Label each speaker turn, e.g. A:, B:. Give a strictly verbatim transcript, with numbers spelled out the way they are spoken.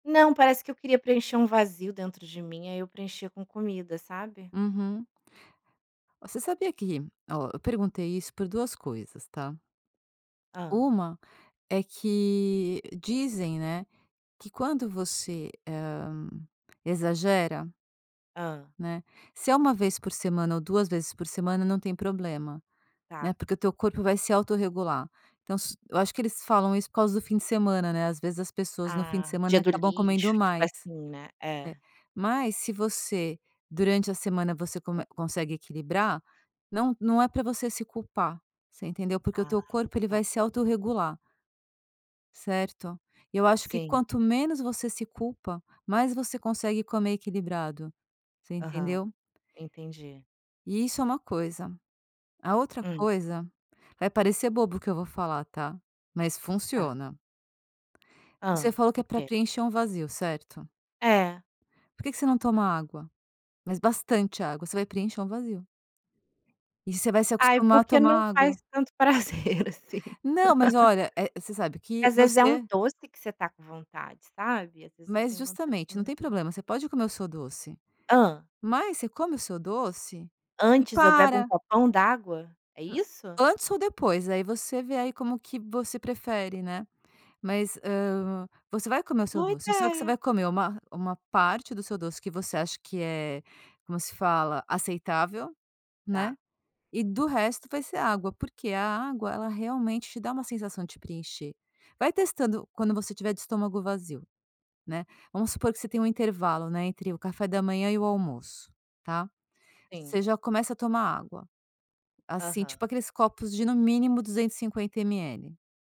A: Não, parece que eu queria preencher um vazio dentro de mim, aí eu preenchia com comida, sabe.
B: Uhum. Você sabia que, ó, eu perguntei isso por duas coisas, tá?
A: Hã.
B: uma é que dizem, né, que quando você, hã, exagera
A: Hã.
B: né, se é uma vez por semana ou duas vezes por semana, não tem problema, né,
A: Tá.
B: porque o teu corpo vai se autorregular. Então, se eu acho que eles falam isso por causa do fim de semana, né, ás vezes, as pessoas, no fim de
A: Ah, dia
B: semana,
A: do
B: comem
A: lixo, tipo
B: mais,
A: assim né,
B: né,
A: é.
B: mas se você durante a semana, você come consegue equilibrar, não não é para você se culpar, você entendeu, porque o
A: Ah,
B: teu corpo, ele
A: tá.
B: vai se autorregular. Certo, e eu acho que
A: Sim.
B: quanto menos você se culpa, mais você consegue comer equilibrado, você
A: Aham,
B: entendeu.
A: entendi.
B: E isso é uma coisa. A outra
A: Hum.
B: coisa, vai parecer bobo o que eu vou falar, tá.
A: Tá.
B: Você
A: Hã,
B: falou que é
A: o
B: para
A: quê?
B: preencher um vazio, certo?
A: É.
B: Por que que você não toma água? Mas bastante água. Você vai preencher um vazio. E você vai se
A: Ai
B: acostumar a
A: porque
B: tomar
A: não faz
B: água.
A: tanto prazer assim.
B: Não, mas olha, eh, você sabe que
A: Às vezes é um
B: você
A: doce que você está com vontade, sabe, Às vezes eu
B: Mas,
A: tenho vontade de
B: justamente,
A: comer
B: não
A: um
B: tem
A: doce.
B: problema. Você pode comer o seu doce,
A: Hã.
B: mas você come o seu doce e
A: Antes, eu bebo um
B: para.
A: copão d'água, é isso?
B: Antes ou depois, aí você vê aí como que você prefere, né, mas, hã, você vai comer o seu
A: Boa
B: doce. Só que você
A: ideia.
B: vai comer uma, uma parte do seu doce que você acha que é, como se fala, aceitável, né,
A: Tá.
B: e o resto vai ser água, porque a água, ela realmente te dá uma sensação de preencher. Vai testando quando você estiver de estômago vazio, né, vamos supor que você tem um intervalo, não é, entre o café da manhã e o almoço, tá. Você
A: Sim.
B: já começa a tomar água, assim,
A: Aham.
B: tipo aqueles copos de, no mínimo, duzentos e cinquenta ml.